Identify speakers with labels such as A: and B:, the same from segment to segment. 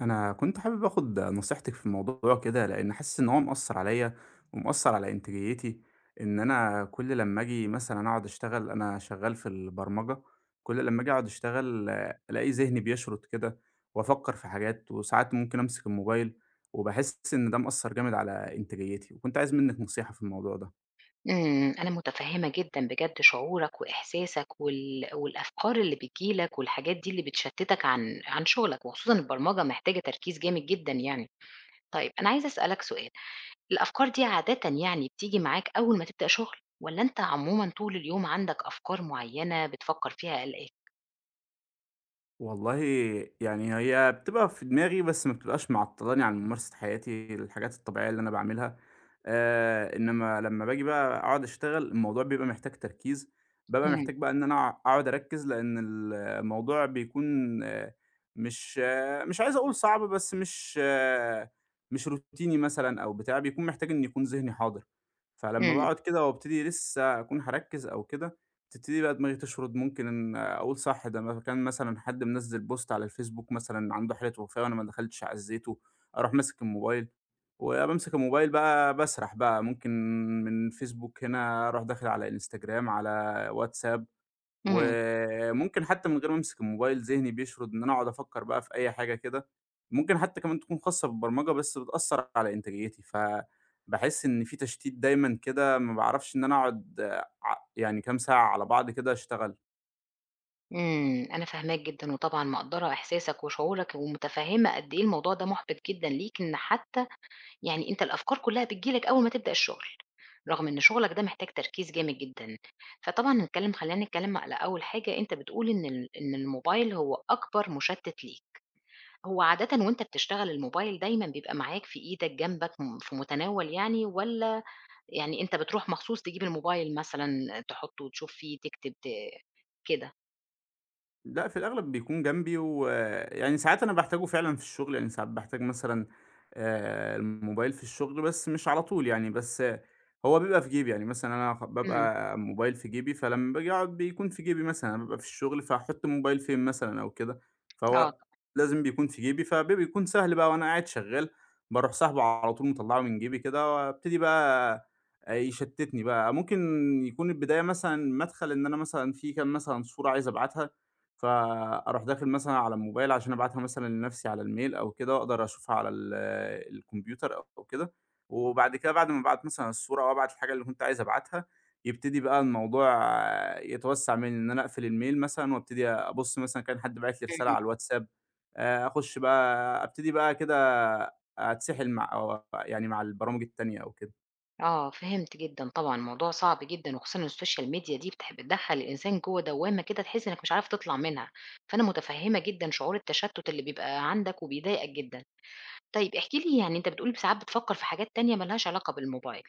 A: أنا كنت حابب آخد نصيحتِك في موضوع كده، لإني حاسس إن هو مأثر عليَّ، ومأثر على إنتاجيتي، إن أنا كل لمّا آجي مثلًا أقعد أشتغل أنا شغّال في البرمجة، كل لمّا آجي أقعد أشتغل ألاقي ذهني بيشرد كده، وأفكّر في حاجات وساعات ممكن أمسك الموبايل، وباحس إن ده مأثر جامد على إنتاجياتي، وكنت عايز منِّك نصيحة في الموضوع ده.
B: امم، أنا متفهمة جدًا بجد شعورك وإحساسك، وال والأفكار اللي بتيجي لك والحاجات دي اللي بتشتتك عن عن شغلك، وخصوصًا البرمجة محتاجة تركيز جامد جدًا يعني. طيّب أنا عايزة أسألك سؤال، الأفكار دي عادةً يعني بتيجي معاك أوّل ما تبدأ شغل، والّا أنت عمومًا طول اليوم عندك أفكار معيّنة بتفكر فيها قالقاك؟
A: والله يعني هي بتبقى في دماغي، بس ما بتبقاش معطلاني عن ممارسة حياتي الحاجات الطبيعيّة اللي أنا باعملها. آآ، إنّما لمّا باجي بقى أقعد أشتغل الموضوع بيبقى محتاج تركيز، بابقى
B: اهم.
A: محتاج بقى إن أنا أقعد أركّز لأن الموضوع بيكون مش مش عايز أقول صعب، بس مش مش روتيني مثلًا أو بتاع بيكون محتاج إنّ يكون ذهني حاضر، فلمّا
B: امم.
A: باقعد كده وابتدي لسة هاكون هاركّز أو كده، تبتدي بقى دماغي تشرد. ممكن أقول صح ده م كان مثلًا حد منزّل post على الفيسبوك مثلًا عنده حالة وفاة وأنا ما دخلتش عزيته. أروح ماسك الموبايل، وبامسك الموبايل بقى باسرح بقى ممكن من الفيسبوك هنا أروح داخل على إنستجرام على واتساب،
B: امم.
A: وممكن حتّى من غير ما امسك الموبايل، ذهني بيشرد إن أنا أقعد أفكّر بقى في أي حاجة كده. ممكن حتّى كمان تكون خاصة بالبرمجة بس بتأثر على إنتاجيتي، فباحس إن في تشتيت دايمًا كده ما باعرفش إن أنا أقعد آآ، ع يعني كام ساعة على بعض كده أشتغل.
B: إمم، أنا فاهماك جدًا وطبعًا مقدّرة إحساسك وشعورك ومُتفهِّمة قد إيه الموضوع ده مُحبط جدًا ليك إن حتّى يعني أنت الأفكار كُلّها بتيجي لك أوّل ما تبدأ الشُغل، رغم إن شُغلك ده محتاج تركيز جامد جدًا. فطبعًا نتكلّم خلّينا نتكلّم على أول حاجة أنت بتقول إن ال إن الموبايل هو أكبر مُشتِّت ليك. هو عادةً وأنت بتشتغل الموبايل دايمًا بيبقى معاك في إيدك جنبك م في متناول يعني والّا يعني أنت بتروح مخصوص تجيب الموبايل مثلًا تحُطّه وتشوف فيه تكتب ت كده؟
A: لأ، في الأغلب بيكون جنبي ويعني ساعات أنا باحتاجه فعلًا في الشُغل، يعني ساعات باحتاج مثلًا آآ، الموبايل في الشُغل، بس مش على طول يعني، بس هو بيبقى في جيبي، يعني مثلًا أنا خ
B: إمم.
A: بابقى موبايل في جيبي، فلمّا باجي أقعُد بيكون في جيبي مثلًا، بابقى في الشُغل فهاحُط الموبايل فين مثلًا أو كده؟
B: آه.
A: فهو لازم بيكون في جيبي، فبي بيكون سهل بقى وأنا قاعد شغّال باروح ساحبه على طول مطلَّعه من جيبي كده وأبتدي بقى آآ، يشتِّتني بقى. ممكن يكون البداية مثلًا مَدْخَل إن أنا مثلًا في كام مثلًا صورة عايز أبعتها، فأروح داخل مثلًا على الموبايل عشان أبعتها مثلًا لنَفْسي على الميل أو كده وأقدر أشوفها على ال الكمبيوتر أو كده، وبعد كده بعد ما أبعت مثلًا الصورة أو أبعت الحاجة اللي كنت عايز أبعتها، يبتدي بقى الموضوع يتوسَّع منّي، إن أنا أقفل الميل مثلًا وأبتدي أبُص مثلًا إن كان حد باعت لي رسالة على
B: امم.
A: الواتساب. آآ أخُش بقى أبتدي بقى كده أتسِحِل مع أو آآ يعني مع البرامج التانية أو كده.
B: آه، فهمت جدًا طبعًا الموضوع صعب جدًا، وخصوصًا السوشيال ميديا دي بتح بتدخل الإنسان جوه دوامة كده تحس إنك مش عارف تطلع منها، فأنا متفهمة جدًا شعور التشتت اللي بيبقى عندك وبيضايقك جدًا، طيب احكِ لي يعني أنت بتقول ب ساعات بتفكر في حاجات تانية مالهاش علاقة بالموبايل.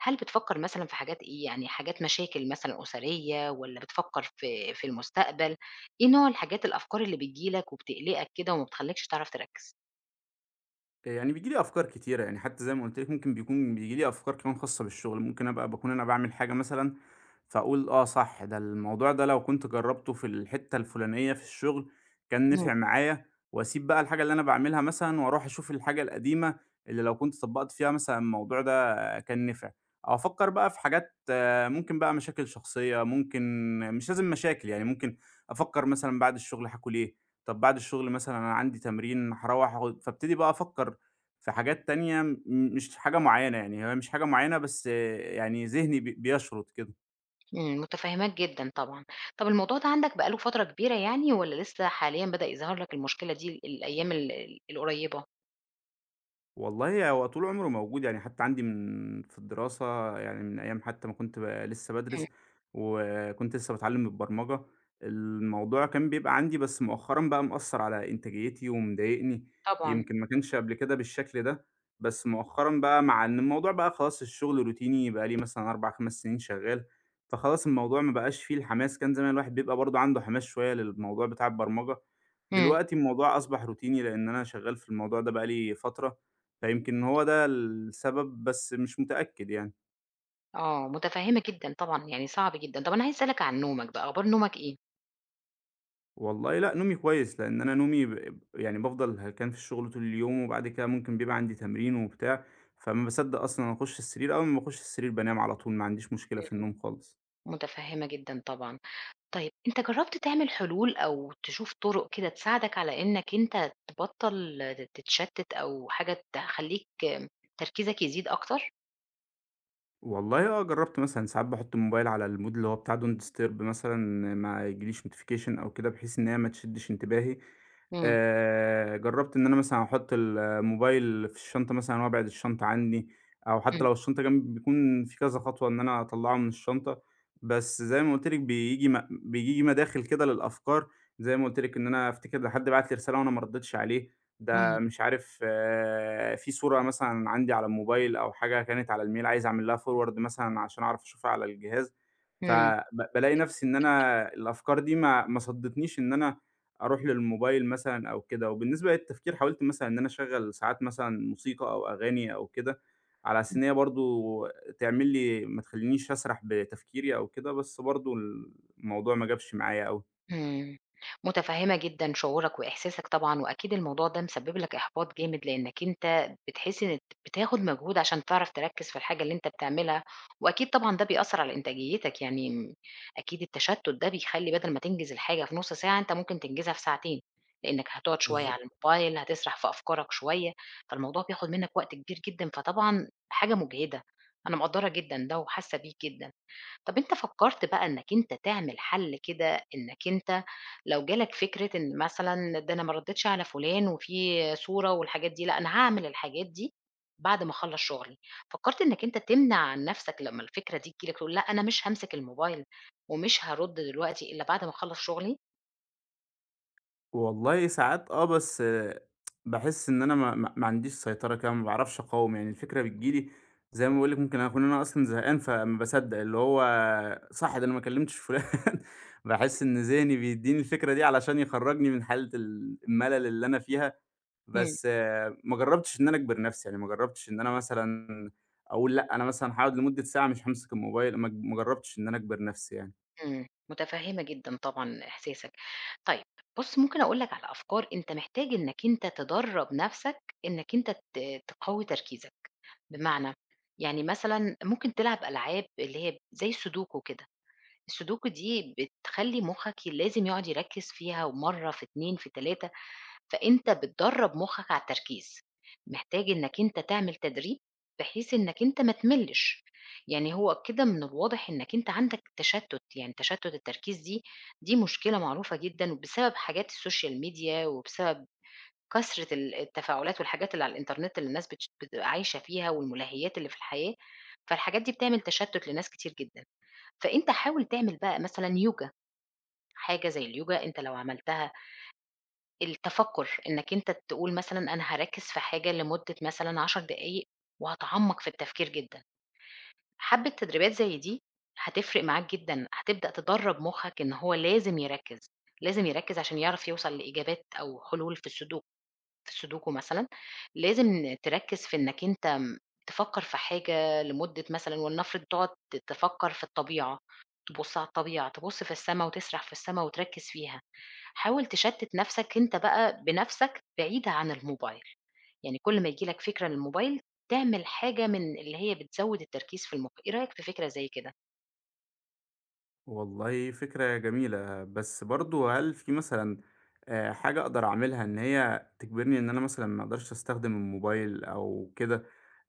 B: هل بتفكر مثلًا في حاجات إيه يعني حاجات مشاكل مثلًا أسرية؟ والّا بتفكر في في المستقبل؟ إيه نوع الحاجات الأفكار اللي بتيجي لك وبتقلقك كده وما بتخليكش تعرف تركز؟
A: يعني بييجي لي أفكار كتيرة، يعني حتى زي ما قُلت لِك ممكن بيكون بييجي لي أفكار كمان خاصة بالشغل، ممكن أبقى باكون أنا باعمل حاجة مثلًا، فأقول آه صح ده الموضوع ده لو كنت جربته في الحتة الفلانية في الشغل كان
B: إمم.
A: نِفع معايا، وأسيب بقى الحاجة اللي أنا باعملها مثلًا وأروح أشوف الحاجة القديمة، اللي لو كنت طبقت فيها مثلًا الموضوع ده كان نفع، أو أفكر بقى في حاجات ممكن بقى مشاكل شخصية، ممكن مش لازم مشاكل يعني ممكن أفكر مثلًا بعد الشغل هاكل إيه؟ طب بعد الشغل مثلًا أنا عندي تمرين هاروّح أخ فابتدي بقى أفكر في حاجات تانية، م مش حاجة معينة، يعني هي مش حاجة معينة بس يعني ذهني بي بيشرد كده.
B: إمم متفهماك جدًا طبعًا. طب الموضوع ده عندك بقى له فترة كبيرة يعني، والّا لسّه حاليًا بدأ يظهر لك المشكلة دي ال الأيّام ال القُريبة؟
A: والله هو طول عمره موجود يعني حتّى عندي من في الدراسة يعني من أيّام حتّى ما كنت ب لسّه
B: إمم.
A: بادرِس، وكنت لسّه باتعلم البرمجة، الموضوع كان بيبقى عندي بس مؤخرًا بقى مأثر على إنتاجيتي ومضايقني.
B: طبعًا.
A: يمكن ما كانش قبل كده بالشكل ده، بس مؤخرًا بقى مع إن الموضوع بقى خلاص الشغل روتيني بقى لي مثلًا 4 5 سنين شغّال. فخلاص الموضوع ما بقاش فيه الحماس. كان زمان الواحد بيبقى برضو عنده حماس شويّة للموضوع بتاع البرمجة،
B: إمم.
A: دلوقتي الموضوع أصبح روتيني لأن أنا شغّال في الموضوع ده بقى لي فترة، فيمكن هو
B: [unintelligible]
A: ده السبب بس مش متأكّد يعني.
B: آه متفهمة جدًا طبعًا يعني صعب جدًا، طب أنا عايزة أسألك عن نومك بقى أخبار نومك إيه؟
A: والله لا نومي كويّس، لأن أنا نومي ب يعني بافضل هلكان في الشغل طول اليوم وبعد كده ممكن بيبقى عندي تمرين وبتاع، فما باصدق أصلًا أخش السرير أول ما باخش السرير بانام على طول ما عنديش مشكلة في
B: إمم.
A: النوم خالص.
B: متفهمة جدًا طبعًا. طيّب أنت جرّبت تعمل حلول، أو تشوف طرق كده تساعدك على إنّك أنت تبطل تتشتت أو حاجة تخلّيك تركيزك يزيد أكتر؟
A: والله آه جرّبت مثلًا ساعات باحط الموبايل على المود اللي هو بتاع Don't disturb مثلًا ما ييجيليش notification أو كده بحيث إنّ هي ما تشدش انتباهي.
B: إمم.
A: آآ جرّبت إن أنا مثلًا احُط ال الموبايل في الشنطة مثلًا وابعِد الشنطة عنّي أو حتّى
B: إمم.
A: لو الشنطة جنبي بيكون في كذا خطوة إن أنا أطلّعه من الشنطة، بس زي ما قُلت لِك بييجي م بييجي مداخل كده للأفكار زي ما قُلت لِك إن أنا أفتكر إن حد بعت لي رسالة وأنا ما ردّيتش عليه، ده
B: امم.
A: مش عارف في صورة مثلًا عندي على الموبايل أو حاجة كانت على الميل عايز أعمل لها forward مثلًا عشان اعرف أشوفها على الجهاز، ف
B: إمم
A: ب بالاقي نَفسي إن
B: [unintelligible]
A: أنا الأفكار دي ما ما صدتنيش إن أنا أروح للموبايل مثلًا أو كده، وبالنسبة للتفكير حاولت مثلًا إن أنا اشغّل ساعات مثلًا موسيقى أو أغاني أو كده على أساس إن هي برضو تعمل لي ما تخلّينيش أسرح بتفكيري أو كده، بس برضو الموضوع ما جابش معايا أوي.
B: إمم، مُتفهمة جدًا شعورك وإحساسك طبعًا، وأكيد الموضوع ده مسبب لك إحباط جامد لأنك أنت بتحس إن ت بتاخد مجهود عشان تعرف تركّز في الحاجة اللي أنت بتعملها وأكيد طبعًا ده بيأثر على إنتاجيتك، يعني أكيد التشتت ده بيخلّي بدل ما تنجز الحاجة في نُص ساعة أنت ممكن تنجزها في ساعتين، لأنك هتقعد شويّة على
A: بالضبط.
B: الموبايل هتسرح في أفكارك شويّة، فالموضوع بياخد منّك وقت كبير جدًا، فطبعًا حاجة مُجهدة. أنا مقدّرة جدًا ده وحاسّة بيك جدًا. طب أنت فكرت بقى إنّك أنت تعمل حل كده إنّك أنت لو جالك فكرة إن مثلًا ده أنا ما رديتش على فلان وفي صورة والحاجات دي لأ أنا هاعمل الحاجات دي بعد ما اخلّص شغلي، فكرت إنّك أنت تمنع عن نَفسك لمّا الفكرة دي تييجي لك تقول لأ أنا مش هامسك الموبايل ومش هارُدّ دلوقتي إلا بعد ما اخلّص شغلي؟
A: والله ساعات آه، بس باحِس إن أنا ما ما ما عنديش سيطرة كده ما باعرفش أقاوم، يعني الفكرة بتيجي لي زي ما باقول لِك ممكن أكون أنا أصلًا زهقان، فما باصدَّق اللي هو صح ده أنا ما كلِّمتش فُلان. باحِس إن ذِهني بيدّيني الفكرة دي علشان يخرَّجني من حالة ال المَلَل اللي أنا فيها،
B: إمم.
A: بس ما جرَّبتش إن أنا أجبِر نَفْسي، يعني ما جرَّبتش إن أنا مثلًا أقول لأ، أنا مثلًا هاقعُد لمدة ساعة مش هامسك الموبايل ما ج ما جرَّبتش إن أنا أجبِر نَفْسي يعني.
B: إمم، مُتفهِّمة جدًا طبعًا إحساسك. طيب، بُص ممكن أقول لك على أفكار أنت محتاج إنّك أنت تدرّب نَفْسك إنّك أنت ت تقوّي تركيزك، بمعنى؟ يعني مثلًا ممكن تلعب ألعاب اللي هي زي السودوكو كده. السودوكو دي بتخلّي مُخّك لازم يقعُد يركِّز فيها ومّرة، في 2، في 3، فأنت بتدرّب مُخّك على التركيز. محتاج إنّك أنت تعمل تدريب بحيث إنّك أنت ما تملِّش. يعني هو كده من الواضح إنّك أنت عندك تشتُّت، يعني تشتُّت التركيز دي، دي مشكلة معروفة جدًا بسبب حاجات السوشيال ميديا وبسبب كثرة ال التفاعلات والحاجات اللي على الإنترنت اللي الناس بتش بتبقى عايشة فيها والمُلهّيات اللي في الحياة، فالحاجات دي بتعمل تشتُّت لناس كتير جدًا. فأنت حاول تعمل بقى مثلًا يوجا، حاجة زي اليوجا أنت لو عملتها التَفَكُّر، إنّك أنت تقول مثلًا أنا هاركِّز في حاجة لمدة مثلًا 10 دقايق وهاتعمَّق في التفكير جدًا. حبّة تدريبات زي دي هتفرق معاك جدًا، هتبدأ تدرَّب مُخّك إن هو لازم يركِّز، لازم يركِّز عشان يعرف يوصل لإجابات أو حلول في السودوك في السودوكو مثلًا لازم تركِّز في إنّك أنت م تفكّر في حاجة لمدة مثلًا ولنفرض تقعُد ت تفكّر في الطبيعة، تبُص على الطبيعة، تبُص في السما وتسرح في السما وتركِّز فيها. حاول تشتِّت نَفْسك أنت بقى بنَفْسك بعيد عن الموبايل. يعني كل ما ييجي لك فكرة للموبايل، تعمل حاجة من اللي هي بتزوِّد التركيز في المُخ، إيه رأيك في فكرة زي كده؟
A: والله فكرة جميلة. بس برضو هل في مثلًا آآ، حاجة أقدر أعملها إن هي تجبرني إن أنا مثلًا ما أقدرش أستخدم الموبايل أو كده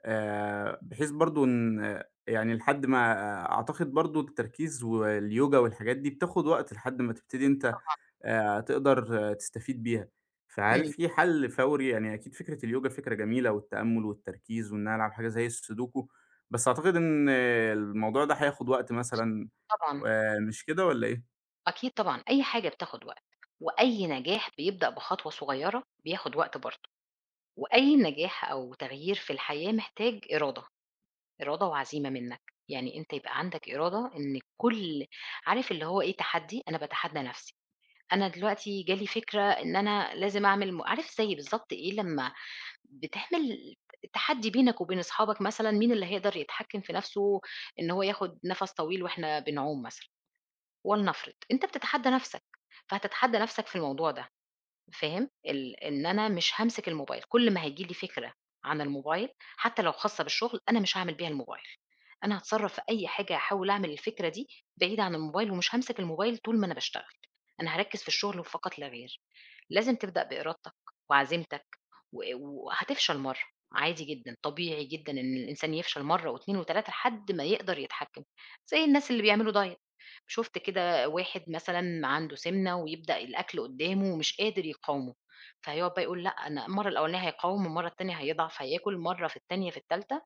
A: آآ، بحيث برضو إن يعني لحد ما آآ، أعتقد برضو التركيز واليوجا والحاجات دي بتاخد وقت لحد ما تبتدي أنت
B: طبعًا.
A: آآ، تقدر تستفيد بيها، فهل
B: إمم.
A: في حَل فوري، يعني أكيد فكرة اليوجا فكرة جميلة والتأمل والتركيز وإنّ أنا ألعب حاجة زي السودوكو بس أعتقد إن الموضوع ده هياخد وقت مثلًا
B: طبعًا.
A: آآ، مش كده والّا إيه؟
B: أكيد طبعًا، أي حاجة بتاخد وقت. وأي نجاح بيبدأ بخطوة صغيّرة بياخد وقت برضو. وأي نجاح أو تغيير في الحياة محتاج إرادة، إرادة وعزيمة منّك. يعني أنت يبقى عندك إرادة إن كل عارف اللي هو إيه تحدّي أنا باتحدى نَفسي. أنا دلوقتي جا لي فكرة إن أنا لازم أعمل م عارف زي بالضبط إيه لمّا بتعمل ت تحدّي بينك وبين أصحابك مثلًا مين اللي هيقدر يتحكم في نَفسه، إن هو ياخد نَفَس طويل وإحنا بنعوم مثلًا، ولنفرض، أنت بتتحدى نَفسك. فهتتحدى نَفسك في الموضوع ده فاهم؟ ال إن أنا مش هامسك الموبايل كل ما هييجي لي فكرة عن الموبايل حتّى لو خاصة بالشغل أنا مش هاعمل بيها الموبايل، أنا هاتصرف في أي حاجة أحاول أعمل الفكرة دي بعيد عن الموبايل، ومش هامسك الموبايل طول ما أنا باشتغل. أنا هاركّز في الشغل وفقط لا غير. لازم تبدأ بإرادتك وعزيمتك، و وهتفشل مرّة، عادي جدًا طبيعي جدًا إن الإنسان يفشل مرّة و2 و3 لحد ما يقدر يتحكم. زي الناس اللي بيعملوا دايت. شُفت كده واحد مثلًا عنده سِمنة ويبدأ الأكل قدامه ومش قادر يقاومه فهيقعد بقى يقول لأ أنا المرّة الأولانية هيقاوم والمرّة التانية هيضعف هياكل مرّة في التانية في التالتة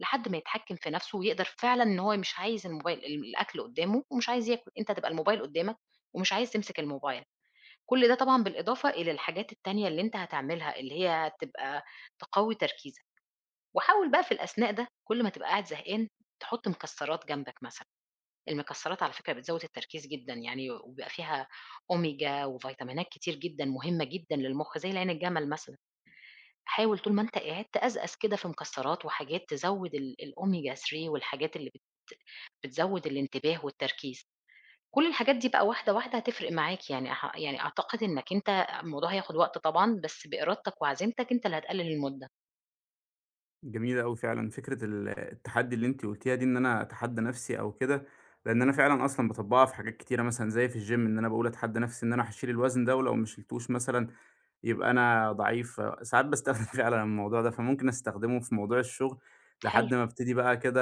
B: لحد ما يتحكم في نَفسه ويقدر فعلًا إن هو مش عايز الموبايل الأكل قدامه ومش عايز ياكل، أنت تبقى الموبايل قدّامك ومش عايز تمسك الموبايل. كل ده طبعًا بالإضافة إلى الحاجات التانية اللي أنت هتعملها اللي هي هتبقى تقوي تركيزك. وحاول بقى في الأثناء ده كل ما تبقى قاعد زهقان تحط مكسرات جنبك مثلًا، المكسرات على فكرة بتزود التركيز جدًا يعني وبيبقى فيها أوميجا وڤيتامينات كتير جدًا مهمّة جدًا للمخ، زي العين الجمل مثلًا. حاول طول ما أنت قاعد تقزقز كده في مكسرات وحاجات تزود ال الأوميجا 3 والحاجات اللي بت بتزود الانتباه والتركيز. كل الحاجات دي بقى واحدة واحدة هتفرق معاك يعني ح يعني أعتقد إنّك أنت الموضوع هياخد وقت طبعًا بس بإرادتك وعزيمتك أنت اللي هتقلل المدة.
A: جميلة أوي فعلًا، فكرة ال التحدّي اللي أنت قلتيها دي إن أنا أتحدى نَفسي أو كده، لأن أنا فعلًا أصلًا باطبقها في حاجات كتيرة مثلًا زي في الgym إن أنا باقول أتحدى نَفسي إن أنا هاشيل الوزن ده ولو ما شلتوش مثلًا يبقى أنا ضعيف، ساعات باستخدم فعلًا الموضوع ده. فممكن أستخدمه في موضوع الشغل
B: حلو.
A: لحد ما ابتدي بقى كده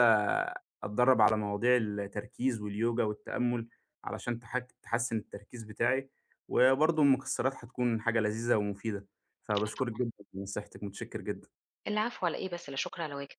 A: أتدرّب على مواضيع التركيز واليوجا والتأمل علشان تح تحسن التركيز بتاعي. وبرضو المكسرات هتكون حاجة لذيذة ومفيدة،
B: آه،
A: فباشكرِك
B: طبعًا.
A: جدًا لنصيحتِك، متشكّر جدًا.
B: العفو على إيه بس، لا شكر على واجب.